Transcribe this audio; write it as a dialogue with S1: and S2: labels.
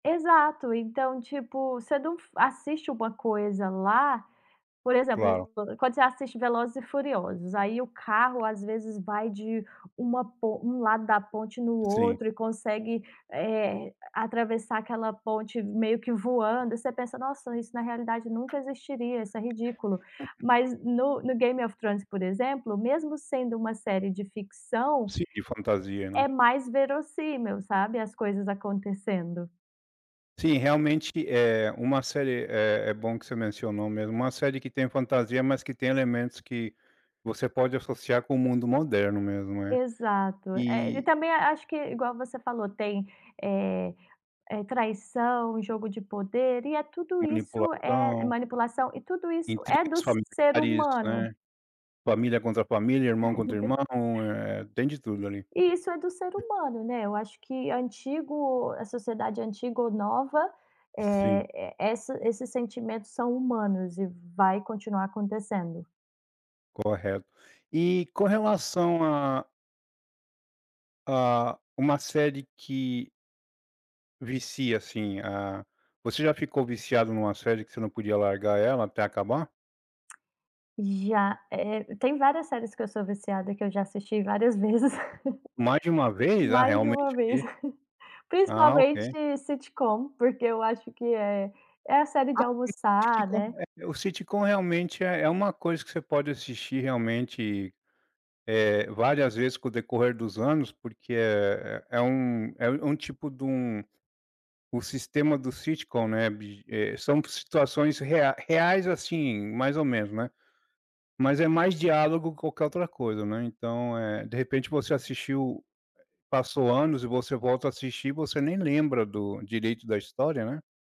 S1: Exato. Então, tipo, você não f assiste uma coisa lá por
S2: Claro.
S1: exemplo, quando você assiste Velozes e Furiosos, aí o carro, às vezes, vai de uma po um lado da ponte no
S2: Sim.
S1: outro. E consegue, eh, atravessar aquela ponte meio que voando. E você pensa: “Nossa, isso na realidade nunca existiria. Isso é ridículo.” Mas no no Game of Thrones, por exemplo, mesmo sendo uma série de ficção,
S2: Sim, de fantasia, né?
S1: é mais verossímil, sabe, as coisas acontecendo.
S2: Sim, realmente, eh, uma série é é bom que você mencionou mesmo. Uma série que tenha fantasia, mas que tem elementos que você pode associar com o mundo moderno mesmo, né.
S1: Exato, é. E
S2: E
S1: também a acho que, igual você falou, tem, eh eh, traição, jogo de poder. E tudo isso é
S2: Manipulação.
S1: manipulação. E tudo isso
S2: Intriga
S1: é do
S2: dos
S1: ser
S2: familiares,
S1: humano.
S2: né. Família contra família, irmão contra irmão, eh, tem de tudo ali.
S1: E isso é do ser humano, né. Eu acho que antigo a sociedade antiga ou nova,
S2: Sim.
S1: eh, essa esses sentimentos são humanos e vai continuar acontecendo.
S2: Correto. E com relação a a uma série que vicia assim a você já ficou viciado em uma série que você não podia largar ela até acabar?
S1: Já, eh, tem várias séries que eu sou viciada, que eu já assisti várias vezes.
S2: Mais de uma vez? Ah,
S1: Mais de
S2: realmente
S1: uma vez.
S2: aqui Ah,
S1: Principalmente
S2: ok.
S1: sitcom. Porque eu acho que é é a série
S2: A
S1: de almoçar, né.
S2: [unintelligible] O sitcom realmente é é uma coisa que você pode assistir, realmente, eh, várias vezes com o decorrer dos anos, porque é é é um é um um tipo de um o sistema do sitcom, né, biji eh, são situações reai reais, assim, mais ou menos, né, mas é mais diálogo que qualquer outra coisa, né. Então, eh, de repente, você assistiu, eh, passou anos, e você volta a assistir e você nem lembra direito do da história, né.